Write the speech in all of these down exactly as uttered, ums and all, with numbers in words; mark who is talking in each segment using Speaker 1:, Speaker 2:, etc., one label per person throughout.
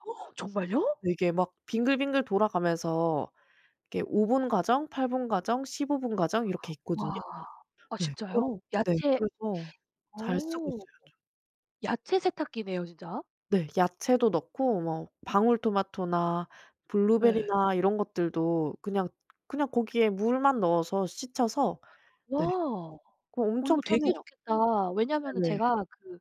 Speaker 1: 정말요?
Speaker 2: 이게 막 빙글빙글 돌아가면서 이게 오 분 과정 팔 분 과정 십오 분 과정 이렇게 있거든요.
Speaker 1: 와. 아
Speaker 2: 네 그럼
Speaker 1: 진짜요?
Speaker 2: 네
Speaker 1: 야채
Speaker 2: 그래서 잘 쓰고
Speaker 1: 오.
Speaker 2: 있어요 좀.
Speaker 1: 야채 세탁기네요 진짜?
Speaker 2: 네 야채도 넣고 뭐 방울토마토나
Speaker 1: 예.
Speaker 2: 블루베리나 이런 것들도 그냥 그냥 거기에 물만 넣어서 씻혀서
Speaker 1: 와.
Speaker 2: 네. 그
Speaker 1: 어
Speaker 2: 엄청
Speaker 1: 이거 되게
Speaker 2: 편해요.
Speaker 1: 좋겠다. 왜냐면은
Speaker 2: 네네.
Speaker 1: 제가 그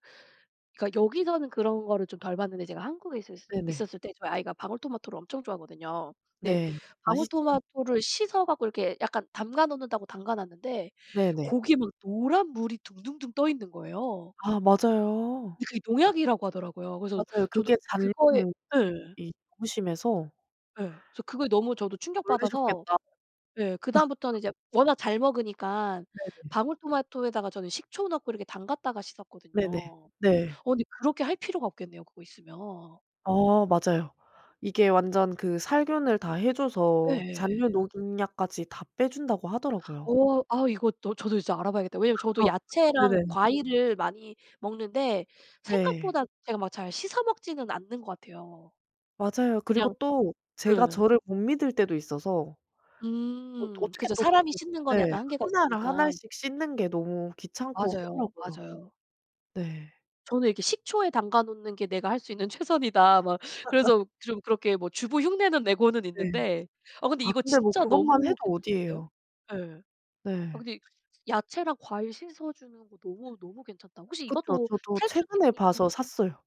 Speaker 1: 그러니까 여기서는 그런 거를 좀 덜 봤는데 제가 한국에 있었을
Speaker 2: 네네.
Speaker 1: 있었을 때 저희 아이가 방울토마토를 엄청 좋아하거든요. 근데
Speaker 2: 네. 맛있죠.
Speaker 1: 방울토마토를 씻어갖고 이렇게 약간 담가 놓는다고 담가놨는데
Speaker 2: 네네.
Speaker 1: 거기에 막 노란 물이 둥둥둥 떠 있는 거예요.
Speaker 2: 아 맞아요.
Speaker 1: 근데 그게 농약이라고 하더라고요. 그래서
Speaker 2: 맞아요.
Speaker 1: 저도
Speaker 2: 그게 잔
Speaker 1: 그거에
Speaker 2: [unintelligible]
Speaker 1: 예예.
Speaker 2: 이 너무 심해서
Speaker 1: 예. 그래서 그거 너무 저도 충격받아서
Speaker 2: 놀래셨겠다.
Speaker 1: 예. 그다음부터는 이제 워낙 잘 먹으니까
Speaker 2: 네네.
Speaker 1: 방울토마토에다가 저는 식초 넣고 이렇게 담갔다가 씻었거든요.
Speaker 2: 네네.
Speaker 1: 어
Speaker 2: 네.
Speaker 1: 근데 그렇게 할 필요가 없겠네요, 그거 있으면.
Speaker 2: 어 맞아요. 이게 완전 그 살균을 다 해 줘서
Speaker 1: 예예예.
Speaker 2: 잔류농약까지 다 빼준다고 하더라고요.
Speaker 1: 어 아 이것도 저도 이제 알아봐야겠다. 왜냐면 저도 야채랑
Speaker 2: 네네.
Speaker 1: 과일을 많이 먹는데
Speaker 2: 네.
Speaker 1: 생각보다 제가 막 잘 씻어 먹지는 않는 것 같아요.
Speaker 2: 맞아요. 그리고
Speaker 1: 그냥
Speaker 2: 또 제가
Speaker 1: 예예.
Speaker 2: 저를 못 믿을 때도 있어서 또
Speaker 1: 음
Speaker 2: 어떻게
Speaker 1: 그죠.
Speaker 2: 또
Speaker 1: 사람이
Speaker 2: 그리고
Speaker 1: 씻는 거는
Speaker 2: 네.
Speaker 1: 약간 한계가
Speaker 2: 한 알 한
Speaker 1: 있으니까.
Speaker 2: 알씩 씻는 게 너무 귀찮고
Speaker 1: 맞아요.
Speaker 2: 하더라고요.
Speaker 1: 맞아요.
Speaker 2: 네.
Speaker 1: 저는 이렇게 '식초에 담가 놓는 게 내가 할 수 있는 최선이다.' 막 그래서 좀 그렇게 뭐 주부 흉내는 내고는
Speaker 2: 네.
Speaker 1: 있는데 어 근데
Speaker 2: 아
Speaker 1: 이거
Speaker 2: 근데 뭐
Speaker 1: 진짜
Speaker 2: 그것만 해도
Speaker 1: 너무 괜찮은데요?
Speaker 2: 어디에요.
Speaker 1: 예. 아
Speaker 2: 네.
Speaker 1: 근데 야채랑 과일 씻어주는 거 너무 너무 괜찮다. 혹시
Speaker 2: 그쵸.
Speaker 1: 이것도
Speaker 2: 저도
Speaker 1: 탈수
Speaker 2: 최근에
Speaker 1: 기능이 있는 건
Speaker 2: 봐서 샀어요.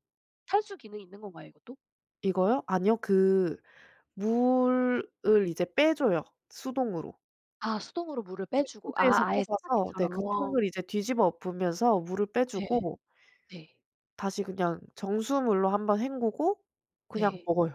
Speaker 1: 탈수 기능이 있는 건가요, 이것도?
Speaker 2: 이거요? 아니요 그 물을 이제 빼 줘요 수동으로.
Speaker 1: 아 수동으로 물을
Speaker 2: 네.
Speaker 1: 빼주고.
Speaker 2: 코드에서
Speaker 1: 아 아예
Speaker 2: 뽑아서 네
Speaker 1: 세탁기처럼.
Speaker 2: 그 통을 이제 뒤집어 엎으면서 물을 빼
Speaker 1: 네.
Speaker 2: 주고
Speaker 1: 네.
Speaker 2: 다시 그냥 정수물로 한 번 헹구고 그냥
Speaker 1: 네.
Speaker 2: 먹어요.